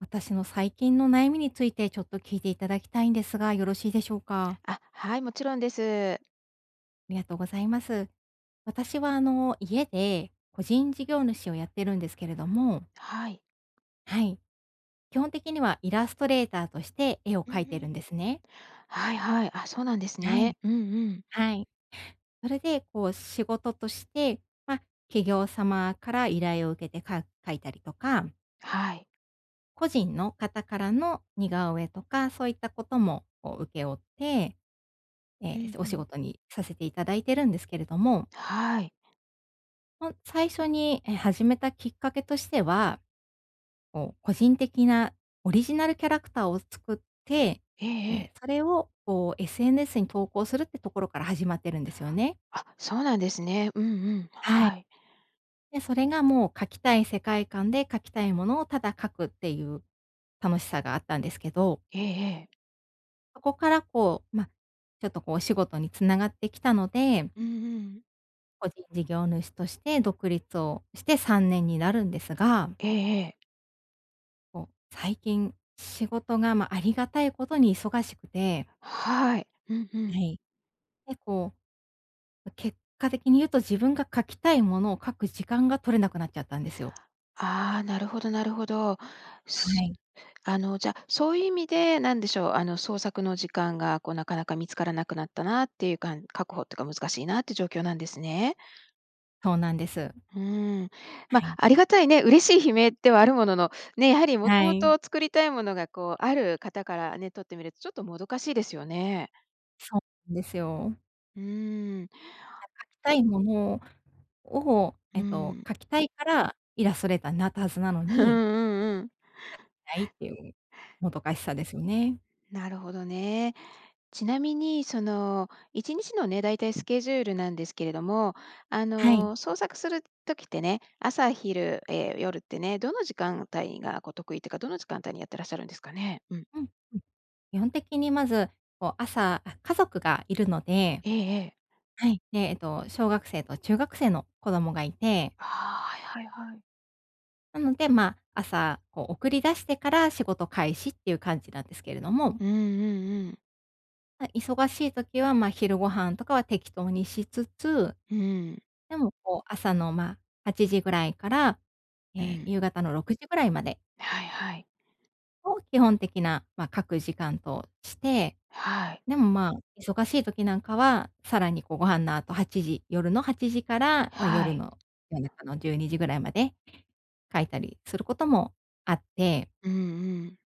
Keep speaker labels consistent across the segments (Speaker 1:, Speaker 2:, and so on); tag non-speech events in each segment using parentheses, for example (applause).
Speaker 1: 私の最近の悩みについてちょっと聞いていただきたいんですが、よろしいでしょうか？
Speaker 2: あ、はい、もちろんです。
Speaker 1: ありがとうございます。私は、あの、家で個人事業主をやってるんですけれども。
Speaker 2: はい。
Speaker 1: はい。基本的にはイラストレーターとして絵を
Speaker 2: うんう
Speaker 1: 描いてる
Speaker 2: ん。
Speaker 1: んですね。
Speaker 2: はいはい。あ、そうなんです
Speaker 1: は
Speaker 2: ね。
Speaker 1: い。
Speaker 2: うんうん。
Speaker 1: はい。それで、こう、仕事として、ま、企業様から依頼を受けてか描いたりとか。
Speaker 2: はい。
Speaker 1: 個人の方からの似顔絵とか、そういったことも、こう、請け負って、え
Speaker 2: う
Speaker 1: え、
Speaker 2: ん、
Speaker 1: お
Speaker 2: ふ
Speaker 1: 仕
Speaker 2: ん。
Speaker 1: 事にさせて頂いているんですけれども。
Speaker 2: はい。
Speaker 1: ほん最初に、え、始めたきっかけとしては、こう、個人的なオリジナルキャラクターを作って、
Speaker 2: ええ
Speaker 1: ええ、
Speaker 2: ええ。
Speaker 1: それを、こう、SNS に投稿するってところから始まってるんですよね。
Speaker 2: あ、そうなんですね。うんうん、
Speaker 1: はい。
Speaker 2: はい。
Speaker 1: で、それがもう描きたい世界観で書きたいものをただ描くっていう楽しさがあったんですけど。
Speaker 2: ええええ。
Speaker 1: そこからこう、ま、ちょっとこうお仕事に繋がってきたので
Speaker 2: うんうん。
Speaker 1: 個人事業主として、独立をして3年になるんですが
Speaker 2: ええええ。
Speaker 1: こう、最近仕事が、まあ、ありがたいことに忙しくて
Speaker 2: はい。うんう
Speaker 1: は
Speaker 2: ん。
Speaker 1: い。結構、ま、結果的に言うと、自分が描きたいものを描く時間が取れなくなっちゃったんですよ。
Speaker 2: ああ、なるほどなるほど。
Speaker 1: は
Speaker 2: す
Speaker 1: い。
Speaker 2: あの、じゃあ、そういう意味でなんでしょう、あの、創作の時間がこうなかなか見つからなくなったなっていうかん確保とか難しいなっていう状況なんですね。
Speaker 1: そうなんです。
Speaker 2: うん。ま、
Speaker 1: はい。
Speaker 2: ありがたいね、嬉しい悲鳴ではあるものの、ね、やはりもと
Speaker 1: は
Speaker 2: もと
Speaker 1: い。
Speaker 2: 作りたいものがこうある方からね、とってみるとちょっともどかしいですよね。
Speaker 1: そうですよ。
Speaker 2: うん。
Speaker 1: (unintelligible) 描きたいものを、
Speaker 2: う
Speaker 1: えっと、
Speaker 2: ん。
Speaker 1: 描きたいからイラストレーターになったはずなの
Speaker 2: うん
Speaker 1: に、
Speaker 2: うんうん。
Speaker 1: それができないっていうもどかしさですよね。
Speaker 2: なるほどね。ちなみにその一日のね、大体スケジュールなんですけれども、あ
Speaker 1: はい。
Speaker 2: の、創作する時ってね、朝昼、え、夜ってね、どの時間帯がこう得意っていうか、どの時間帯にやってらっしゃるんですかね。うん。
Speaker 1: うん、うん。基本的にまず、こう朝あ、家族がいるので
Speaker 2: ええええ。
Speaker 1: はい、で、えっと、小学生と中学生の子供がいて
Speaker 2: ああ、はいはいはい。
Speaker 1: なので、ま、朝、こう、送り出してから仕事開始っていう感じなんですけれども。
Speaker 2: うんうんうん。
Speaker 1: ま、忙しい時は、ま、昼ご飯とかは適当にしつつ、
Speaker 2: うーん。
Speaker 1: でも、こう、朝の、まあ、8時ぐらいから、え
Speaker 2: う
Speaker 1: え、
Speaker 2: ん。
Speaker 1: 夕方の6時ぐらいまで
Speaker 2: はいはい。
Speaker 1: を、基本的な、まあ、書く時間として、
Speaker 2: はい。
Speaker 1: でも、まあ、忙しい時なんかは、さらに、こう、ご飯の後8時、夜の8時から、
Speaker 2: は
Speaker 1: 夜
Speaker 2: い。
Speaker 1: の、夜中の12時ぐらいまで書いたりすることもあって。
Speaker 2: うんうん。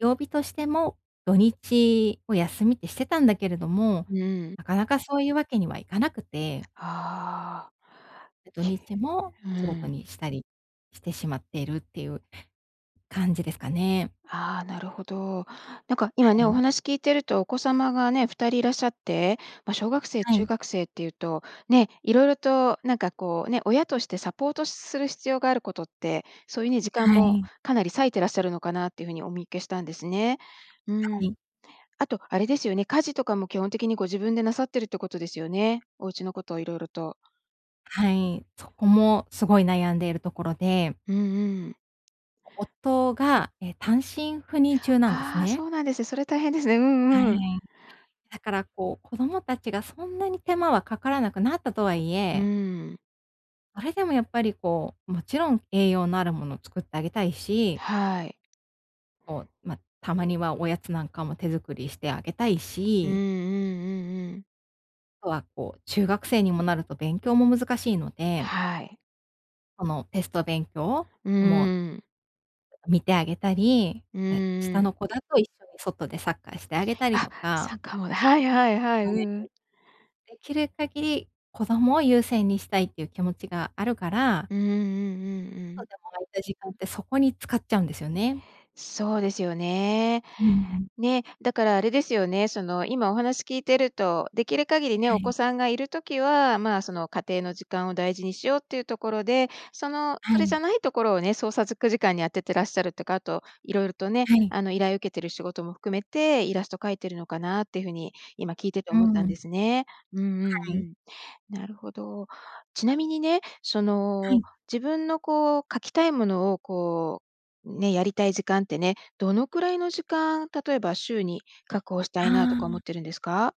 Speaker 1: 曜日としても、土日を休みってしてたんだけれども、
Speaker 2: うん。
Speaker 1: なかなかそういうわけにはいかなくて
Speaker 2: ああ。
Speaker 1: で、土
Speaker 2: け。
Speaker 1: 日も
Speaker 2: う
Speaker 1: 仕
Speaker 2: ー
Speaker 1: 事
Speaker 2: ん。
Speaker 1: にしたり、してしまっているっていう感じですかね。
Speaker 2: ああ、なるほど。なんか、今
Speaker 1: は
Speaker 2: ね、お
Speaker 1: い。
Speaker 2: 話聞いてると、お子様がね、2人いらっしゃって、ま、小学生
Speaker 1: は
Speaker 2: 中
Speaker 1: い。
Speaker 2: 学生っていうと、ね、色々と、なんかこうね、親としてサポートする必要があることって、それに時間
Speaker 1: は
Speaker 2: も
Speaker 1: い。
Speaker 2: かなり割いてらっしゃるのかなっていう風にお見受けしたんですね。う
Speaker 1: は
Speaker 2: ーん。
Speaker 1: い。
Speaker 2: あと、あれですよね、家事とかも基本的にご自分でなさってるってことですよね。お家のこと色々と。
Speaker 1: はい、そこもすごい悩んでいるところで
Speaker 2: うんうん。
Speaker 1: お夫が、え、単身赴任中なんです
Speaker 2: ああ、そ
Speaker 1: ね。
Speaker 2: うなんです、それ大変ですね。う
Speaker 1: は
Speaker 2: ん
Speaker 1: い。
Speaker 2: うん。
Speaker 1: だからこう、子供たちがそんなに手間はかからなくなったとはい
Speaker 2: う
Speaker 1: え
Speaker 2: ーん。
Speaker 1: あれでもやっぱりこう、もちろん栄養のあるものを作ってあげたいし
Speaker 2: はい。
Speaker 1: こう、ま、たまにはおやつなんかも手作りしてあげたい
Speaker 2: うんうん
Speaker 1: し
Speaker 2: うんうん。
Speaker 1: とはこう中学生にもなると勉強も難しいので
Speaker 2: はい。
Speaker 1: そのテスト勉強
Speaker 2: うー
Speaker 1: をも
Speaker 2: ん。
Speaker 1: う見てあげたり、
Speaker 2: うん
Speaker 1: まあ、
Speaker 2: う
Speaker 1: 下
Speaker 2: ん。
Speaker 1: の子だと一緒に外でサッカーしてあげたり
Speaker 2: あ、
Speaker 1: とか。
Speaker 2: サ
Speaker 1: う
Speaker 2: ッ
Speaker 1: ん。
Speaker 2: カーもではいはいはい、うん
Speaker 1: (unintelligible)
Speaker 2: うん。
Speaker 1: できる限り、子供を優先にしたいっていう気持ちがあるから
Speaker 2: ううんうんうんう
Speaker 1: ちょっと
Speaker 2: ん。
Speaker 1: でも空いた時間ってそこに使っちゃうんですよね。
Speaker 2: そうですよね。
Speaker 1: うんうん。
Speaker 2: ね、だからあれですよね、その今お話聞いてると、できる限りね、
Speaker 1: は
Speaker 2: お
Speaker 1: い。
Speaker 2: 子さんがいる時はまあ、その家庭の時間を大事にしようっていうところで、その
Speaker 1: は
Speaker 2: それじ
Speaker 1: い。
Speaker 2: ゃないところをね、創作時間に当ててらっしゃるとか、あと色々とね、
Speaker 1: はい。
Speaker 2: あの依頼を受けてる仕事も含めて、イラスト描いてるのかなっていう風に、今聞いてて
Speaker 1: うー
Speaker 2: 思ったん
Speaker 1: ん。
Speaker 2: ですね。うんうん
Speaker 1: はい。
Speaker 2: うん。なるほど。ちなみにね、そ
Speaker 1: は
Speaker 2: の、
Speaker 1: い。
Speaker 2: 自分のこう描きたいものをこうね、やりたい時間ってね、どのくらいの時間、例えば週に確保した
Speaker 1: あ
Speaker 2: いなとか思
Speaker 1: あ。
Speaker 2: ってるんですか？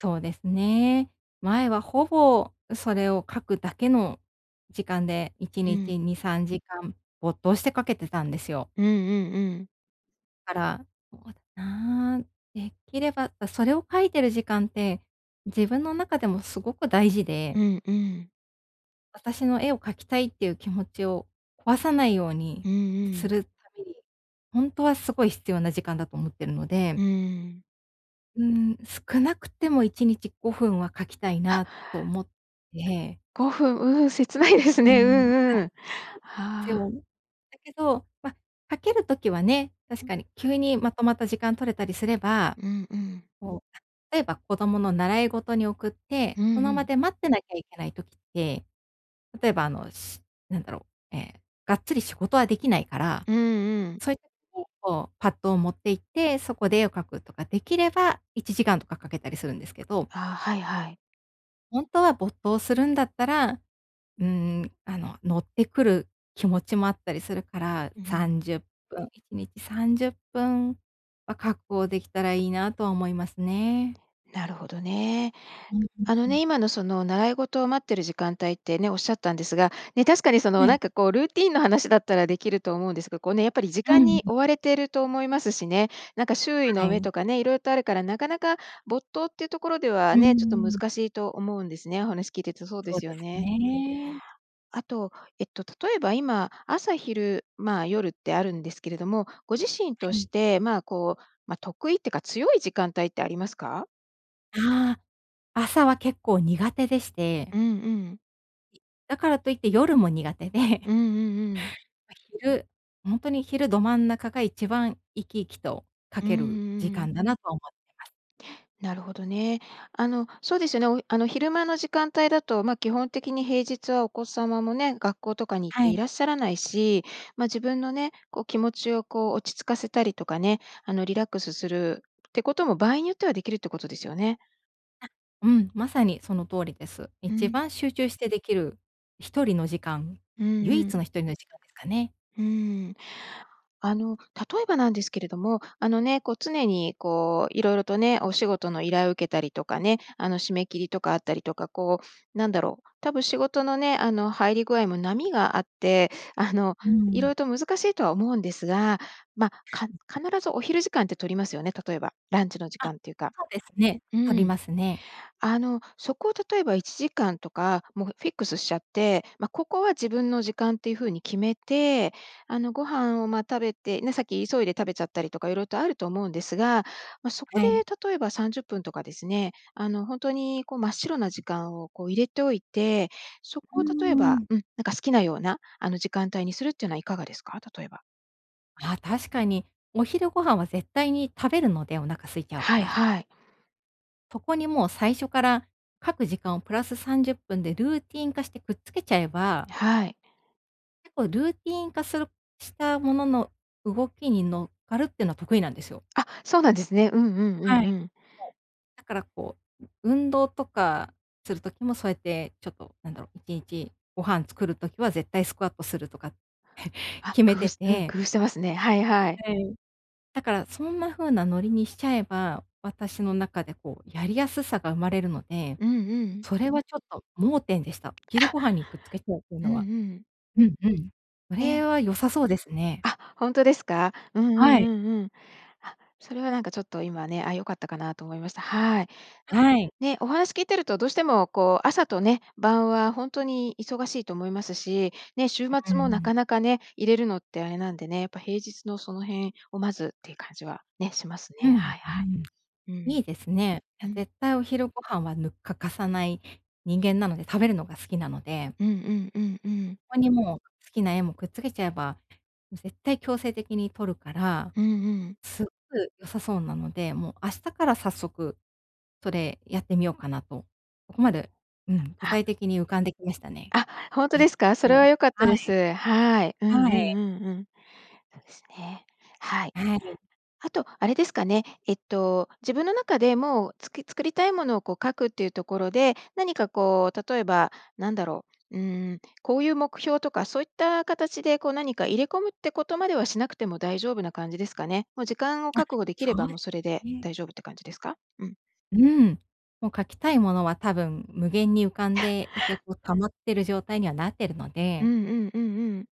Speaker 1: そうですね。前はほぼそれを描くだけの時間でいち
Speaker 2: う
Speaker 1: に
Speaker 2: ん。
Speaker 1: ち2、3時間、没頭して描けてたんですよ。
Speaker 2: うんうんうん。
Speaker 1: だから、(unintelligible) なあんできれば、そそれを書いてる時間って、自分の中でもすごく大事
Speaker 2: う
Speaker 1: で。
Speaker 2: んうん。
Speaker 1: 私の絵を描きたいっていう気持ちを壊さないよう
Speaker 2: う
Speaker 1: に
Speaker 2: んうん。
Speaker 1: するために、ほんとはすごい必要な時間だと思ってるの
Speaker 2: う
Speaker 1: で。
Speaker 2: ーん。
Speaker 1: うーん、少なくても1日5分は描きたい
Speaker 2: は。
Speaker 1: なと思って。
Speaker 2: 5分、うん、切ないです
Speaker 1: うー
Speaker 2: ね。う
Speaker 1: ん。あ、
Speaker 2: んうん。
Speaker 1: そうなんです
Speaker 2: は
Speaker 1: よ。
Speaker 2: あ。
Speaker 1: だけど、ま、描ける時はね、確
Speaker 2: うん。
Speaker 1: かに急にまとまった時間取れたりすれば、
Speaker 2: うんうん。
Speaker 1: そう、例えば子供の習い事に送っ
Speaker 2: う
Speaker 1: て、
Speaker 2: ん
Speaker 1: そ
Speaker 2: う
Speaker 1: の場
Speaker 2: ん。
Speaker 1: で待ってなきゃいけない時って、例えば、あの、しなんだろう、ええ、がっつり仕事はできないから、
Speaker 2: うんうん。
Speaker 1: そういった (unintelligible) こう、パットを持って行って、そこで絵を描くとかできれば1時間とか描けたりするんですけど。
Speaker 2: ああ、はいはい。
Speaker 1: 本当は没頭するんだったら、うーん、あの、乗ってくる気持ちもあったりするから、
Speaker 2: うう
Speaker 1: さ
Speaker 2: ん。
Speaker 1: んじゅっぷん、1日30分は確保できたらいいなとは思いますね。
Speaker 2: なるほどね。
Speaker 1: うんうん
Speaker 2: あの
Speaker 1: うん。
Speaker 2: ね、今の、その、習い事を待ってる時間帯ってね、おっしゃったんですが、ね、確かに、そ
Speaker 1: は
Speaker 2: の、な
Speaker 1: い。
Speaker 2: んか、こう、ルーティーンの話だったらできると思うんですが、こう、ね、やっぱり時
Speaker 1: う
Speaker 2: 間
Speaker 1: ん。
Speaker 2: に追われてると思いますしね。なんか、周囲
Speaker 1: は
Speaker 2: の目
Speaker 1: い。
Speaker 2: とかね、色々とあるからなかなか没頭っていうところで
Speaker 1: う
Speaker 2: は
Speaker 1: ー
Speaker 2: ね、ちょっと
Speaker 1: ん。
Speaker 2: 難しいと思うんですね、お話聞いてるとそうで
Speaker 1: そう
Speaker 2: す
Speaker 1: で
Speaker 2: よ
Speaker 1: す
Speaker 2: ね。
Speaker 1: ね。
Speaker 2: あと、えっと、例えば今、朝昼、まあ、夜ってあるんですけれども、ご自身と
Speaker 1: は
Speaker 2: し
Speaker 1: い。
Speaker 2: て、まあ、こう、ま、得意ってか強い時間帯ってありますか？
Speaker 1: ああ。朝は結構苦手でし
Speaker 2: う
Speaker 1: て
Speaker 2: んうん。
Speaker 1: だからといって夜も苦手
Speaker 2: う
Speaker 1: で
Speaker 2: んうんうん。
Speaker 1: ま、昼ほんとに昼ど真ん中が一番生き生きと描
Speaker 2: うーん、う
Speaker 1: ける時
Speaker 2: んうん。
Speaker 1: 間だなと思ってます。
Speaker 2: なるほどね。あの、そうですよね、おあの、昼間の時間帯だと、ま、基本的に平日はお子様もね、学校とかに行って
Speaker 1: は
Speaker 2: い
Speaker 1: い。
Speaker 2: らっしゃらないし、ま、自分のね、こう、気持ちを、こう、落ち着かせたりとかね、あの、リラックスするってことも場合によってはできるってことですよね。
Speaker 1: あ、うん、まさにその通りです。
Speaker 2: ふ
Speaker 1: 一
Speaker 2: ん。
Speaker 1: 番集中してできる一人の時間
Speaker 2: うん
Speaker 1: 唯
Speaker 2: う
Speaker 1: 一
Speaker 2: ん。
Speaker 1: の一人の時間ですかね。
Speaker 2: うーん。あの、例えばなんですけれども、あのね、こう常にこう色々とね、お仕事の依頼を受けたりとかね、あの、締め切りとかあったりとか、こうなんだろう、多分仕事のね、あの、入り具合も波があって、あの、
Speaker 1: うー
Speaker 2: 色
Speaker 1: ん。
Speaker 2: 々と難しいとは思うんですが、ま、か
Speaker 1: うん。
Speaker 2: 必ずお昼時間って取りますよね、例えばランチの時
Speaker 1: あ、
Speaker 2: 間っていうか
Speaker 1: そうですね。
Speaker 2: う
Speaker 1: 取り
Speaker 2: ん。
Speaker 1: ますね。
Speaker 2: あの、そこを例えば1時間とか、もう、フフィックスしちゃって、ま、ここは自分の時間っていう風に決めて、あの、ご飯をまあ、食べてね、さっき急いで食べちゃったりとか色々とあると思うんですが、ま、そこ
Speaker 1: は
Speaker 2: で
Speaker 1: い。
Speaker 2: 例えば30分とかですね、あの、本当にこう真っ白な時間をこう入れておいて、そ
Speaker 1: うー
Speaker 2: こを例えば
Speaker 1: ん。
Speaker 2: うん、なんか好きなような、あの、時間帯にするっていうのはいかがですか？例えば。
Speaker 1: ああ、確かに、お昼ご飯は絶対に食べるので、お腹空いちゃう
Speaker 2: は
Speaker 1: か
Speaker 2: い
Speaker 1: ら。
Speaker 2: はい。
Speaker 1: そこにもう最初から、各時間をプラス30分でルーティン化してくっつけちゃえば
Speaker 2: はい。
Speaker 1: 結構、ルーティン化するしたものの動きに乗っかるっていうのは得意なんですよ。
Speaker 2: あ、そうなんですね。うんうんうん
Speaker 1: はい、そ
Speaker 2: う
Speaker 1: う。
Speaker 2: ん。
Speaker 1: だからこう、運動とかする時もそうやってちょっとなんだろう、いちいち、ご飯作る時は絶対スクワットするとか (chuckles)
Speaker 2: あ、
Speaker 1: 決め
Speaker 2: 工夫
Speaker 1: て
Speaker 2: しうん、
Speaker 1: て
Speaker 2: 工夫してますね。はいはい。
Speaker 1: はい。だから、そんなふうなノリにしちゃえば、私の中でこうやりやすさが生まれるので、
Speaker 2: うんうん。
Speaker 1: それはちょっと盲点でした、昼
Speaker 2: あ。
Speaker 1: ご飯にくっつけちゃうっていう
Speaker 2: うん
Speaker 1: の
Speaker 2: う
Speaker 1: は。
Speaker 2: ん。
Speaker 1: うんうん。そ
Speaker 2: え
Speaker 1: れ
Speaker 2: え。
Speaker 1: は、良さそうですね。
Speaker 2: あ、ほんとですか？うんうん
Speaker 1: はい。
Speaker 2: うん-うん。あ、それはなんかちょっと、今ね、あ、良かったかなと思いました。はい。
Speaker 1: はい。
Speaker 2: ね。お話聞いてるとどうしてもこう、朝とね晩はほんとに忙しいと思いますし、ね、週
Speaker 1: う、う
Speaker 2: 末もな
Speaker 1: ん。
Speaker 2: かなかね、入れるのってあれなんでね、やっぱ平日のその辺をまずっていう感じはね、します
Speaker 1: う
Speaker 2: ね。
Speaker 1: ん。
Speaker 2: はいは
Speaker 1: うーん。
Speaker 2: い。うん。
Speaker 1: いいですね。
Speaker 2: う
Speaker 1: や、
Speaker 2: ん。
Speaker 1: 絶対お昼ご飯は、ぬ欠かさない人間なので。食べるのが好きなので。
Speaker 2: うんうんうんうん。
Speaker 1: ここにもう、好きな絵もくっつけちゃえば絶対強制的にとるから、
Speaker 2: うんうん。
Speaker 1: すごく良さそうなのでもう明日から早速それやってみようかなと。ここまで、うん、具体
Speaker 2: あ。
Speaker 1: 的に浮かんできましたね。
Speaker 2: あ、ほんと
Speaker 1: え
Speaker 2: で
Speaker 1: っ
Speaker 2: すか？それ
Speaker 1: と。
Speaker 2: は良かった
Speaker 1: は
Speaker 2: で
Speaker 1: い。
Speaker 2: す。はい。うんうん
Speaker 1: はい。
Speaker 2: うんうん。そうですね。はい。
Speaker 1: はい。
Speaker 2: あと、あれですかね。えっと、自分の中で、もう、つき作りたいものをこう、描くっていうところで、何かこう、例えばなんだろう、うん、こういう目標とかそういった形で、こう何か入れ込むってことまではしなくても大丈夫な感じですかね。もう、時間を
Speaker 1: あ、
Speaker 2: 確保できれ
Speaker 1: そ
Speaker 2: ば、
Speaker 1: うで
Speaker 2: もうそれ
Speaker 1: す
Speaker 2: で
Speaker 1: ね。
Speaker 2: 大丈夫って感じですか？うん。
Speaker 1: うん。もう、描きたいものは多分無限に浮かんでいて、
Speaker 2: (laughs)
Speaker 1: こう、溜まってる状態にはなってるの
Speaker 2: う
Speaker 1: で
Speaker 2: んうんうんうん。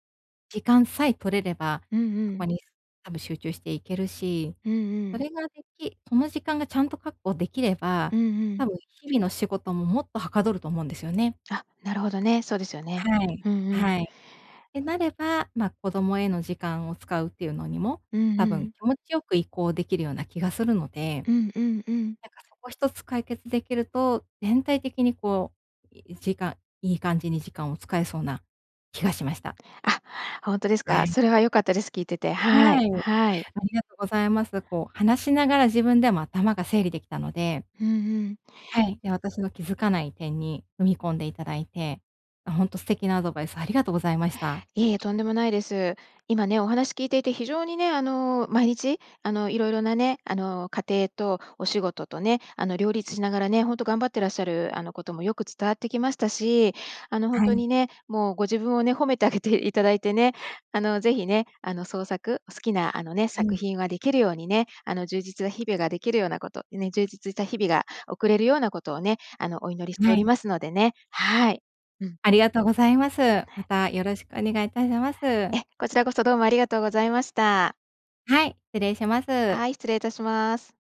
Speaker 1: 時間さえ取れれば、
Speaker 2: うん
Speaker 1: そ
Speaker 2: う
Speaker 1: こ
Speaker 2: ん。
Speaker 1: にす多分集中していけるし、
Speaker 2: うんう
Speaker 1: そ
Speaker 2: ん。
Speaker 1: れができその時間がちゃんと確保できれば、
Speaker 2: うんうん。
Speaker 1: 多分日々の仕事ももっとはかどると思うんですよね。
Speaker 2: あ、なるほどね、そうですよね。
Speaker 1: はい。
Speaker 2: うんうん。(clicks tongue)
Speaker 1: はい。ってなれば、ま、子供への時間を使うっていうのにも、
Speaker 2: うんう
Speaker 1: たぶん
Speaker 2: ん。
Speaker 1: 気持ちよく移行できるような気がするので、
Speaker 2: う
Speaker 1: な
Speaker 2: んうんうん。
Speaker 1: んか、そこ1つ解決できると、全体的に、こう、い1時間いい感じに時間を使えそうな気がしました。
Speaker 2: あ、ほんとです
Speaker 1: は
Speaker 2: か？
Speaker 1: い。
Speaker 2: それは良かったです。聞いてて。は
Speaker 1: は
Speaker 2: い。
Speaker 1: い、あ
Speaker 2: はい。
Speaker 1: りがとうございます。こう、話しながら自分でも頭が整理できたので
Speaker 2: うんうん。
Speaker 1: はい、で、私の気づかない点に踏み込んでいただいて、も、ほんと素敵なアドバイスありがとうございました。
Speaker 2: いいえ、とんでもないです。今ね、お話聞いていて非常にね、あの、毎日、あの、色々なね、あの、家庭とお仕事とね、あの、両立しながらね、本当頑張ってらっしゃる、あの、こともよく伝わってきましたし、あの、本
Speaker 1: は
Speaker 2: 当
Speaker 1: い。
Speaker 2: にね、もうご自分をね、褒めてあげていただいてね、あの、ぜひね、あの、創作好きな、あのね、
Speaker 1: う
Speaker 2: 作
Speaker 1: ん。
Speaker 2: 品ができるようにね、あの、充実な日々ができるようなこと、充実した日々が送れるようなことをね、あのお祈りしてお
Speaker 1: は
Speaker 2: り
Speaker 1: い。
Speaker 2: ますのでね。はい。うん。
Speaker 1: ありがとうございます。ま
Speaker 2: ね。
Speaker 1: たよろしくお願いいたします。
Speaker 2: え、こちらこそ、どうもありがとうございました。
Speaker 1: はい、失礼します。
Speaker 2: はい、失礼いたします。